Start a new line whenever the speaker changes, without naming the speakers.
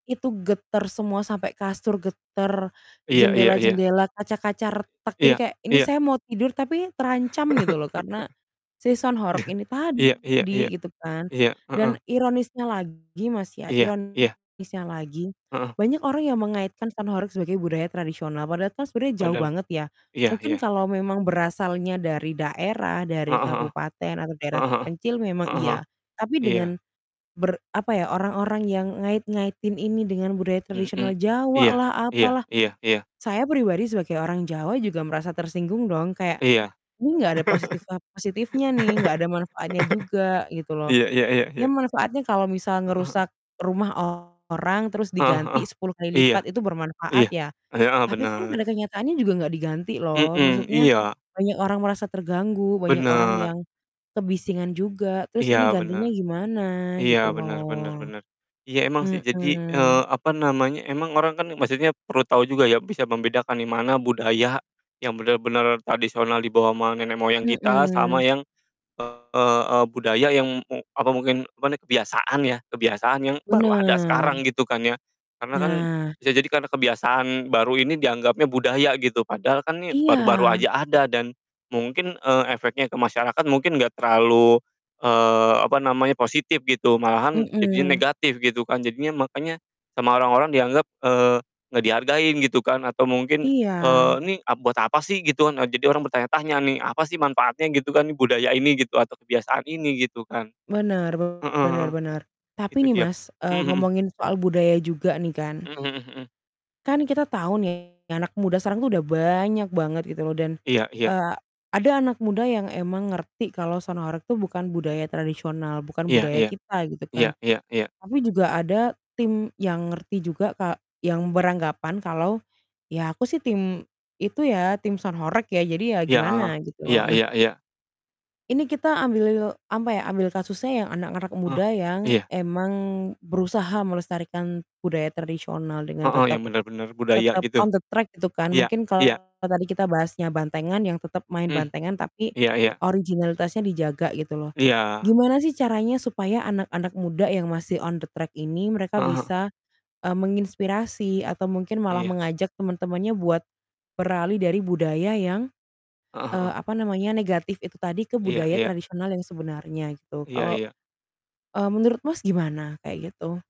Itu getar semua sampai kasur getar,
Iya iya iya.
jendela-jendela, kaca-kaca retak. Jadi
Iya
kayak ini
iya.
saya mau tidur tapi terancam gitu loh karena si sound horeg ini
Iya iya iya.
tadi gitu kan.
Iya, heeh.
Dan ironisnya lagi Mas, ya
Iya iya.
ironisnya lagi,
Heeh.
banyak orang yang mengaitkan sound horeg sebagai budaya tradisional, padahal kan sebenarnya jauh
Padahall
banget ya.
iya
Mungkin
iya.
kalau memang berasalnya dari daerah, dari
Heeh heeh.
kabupaten atau daerah
Heeh heeh.
terpencil memang
Heeh heeh.
iya, tapi
Iya.
dengan ber apa ya, orang-orang yang ngait-ngaitin ini dengan budaya tradisional
Mmm.
Jawa
Iya
lah,
iya
apalah,
iya iya.
saya pribadi sebagai orang Jawa juga merasa tersinggung dong, kayak
Iya.
ini enggak ada positif a positifnya nih, enggak ada manfaatnya juga gitu loh.
Iya iya iya
Ya
iya.
manfaatnya kalau misal
Heeh heeh.
ngerusak rumah orang terus
Heeh heeh.
diganti 10 kali
Iya.
lipat itu bermanfaat
Iya.
ya,
E heeh,
tapi kan pada
benar.
kenyataannya juga enggak diganti
M
loh,
mmm,
maksudnya
iya.
banyak orang merasa terganggu, banyak orang
Benar.
yang kebisingan juga, terus ini
Iya benar.
gantinya gimana
Iya
gitu
benar benar
loh.
benar. Iya emang sih. Jadi,
Mhm.
eee, apa namanya, emang orang kan maksudnya perlu tahu juga ya bisa membedakan nih mana budaya yang benar-benar tradisional dibawa sama nenek moyang kita sama
Mhm.
yang, eee, budaya yang mu apa mungkin, apa nih kebiasaan ya, kebiasaan yang baru ada
Bener.
sekarang gitu kan ya. Karena kan
Nah.
bisa jadi karena kebiasaan baru ini dianggapnya budaya gitu, padahal kan ini baru-baru
Iya.
aja ada dan mungkin, eee, efeknya ke masyarakat mungkin nggak terlalu, eee, apa namanya, positif gitu, malahan jadinya
Mhm.
negatif gitu kan. Jadinya makanya sama orang-orang dianggap, eee, nggak dihargain gitu kan atau mungkin, eee,
Iya.
"Ini, a buat apa sih?" Gitu kan, a jadi orang bertanya-tanya nih, "Apa sih manfaatnya?" Gitu kan, budaya ini, gitu, atau kebiasaan ini gitu kan.
Bener bener
Heeh,
bener. Tapi
itu
nih,
dia.
Mas,
Mmm,
eee,
mhm.
ngomongin soal budaya juga nih kan
Mmm, mhm mhm.
kan kita tahu nih anak muda sekarang tuh udah banyak banget gitu loh dan,
Iya iya.
eee, ada anak muda yang emang ngerti kalau sound horeg tuh bukan budaya tradisional, bukan
Iya
budaya
iya.
kita gitu
Iya
kan.
iya iya.
Tapi juga ada tim yang ngerti juga ka yang beranggapan kalau, "Ya aku sih tim itu ya, tim sound horeg ya, jadi ya
Iya, heeh.
gimana," gitu
Iya
loh. Nah
iya iya.
ini kita ambil apa ya, ambil kasusnya yang anak-anak
Eh,
muda yang
iya.
emang berusaha melestarikan budaya tradisional dengan
Heeh. Yang
tetap
benar-benar budaya
tetap
gitu.
on the track gitu kan.
Iya,
Mungkin
iya.
kalau tadi kita bahasnya bantengan yang tetap main
Mmm.
bantengan, tapi
Iya iya.
originalitasnya dijaga gitu loh.
Iya.
Gimana sih caranya supaya anak-anak muda yang masih on the track ini mereka
Heeh heeh.
bisa, eee, menginspirasi atau mungkin malah
Iya.
mengajak teman-temannya buat beralih dari budaya yang,
Heeh
eee,
heeh.
apa namanya, negatif itu tadi ke
Iya
budaya
iya.
tradisional yang sebenarnya gitu.
Iya
Kalau,
iya.
eee, menurut Mas, gimana kayak gitu?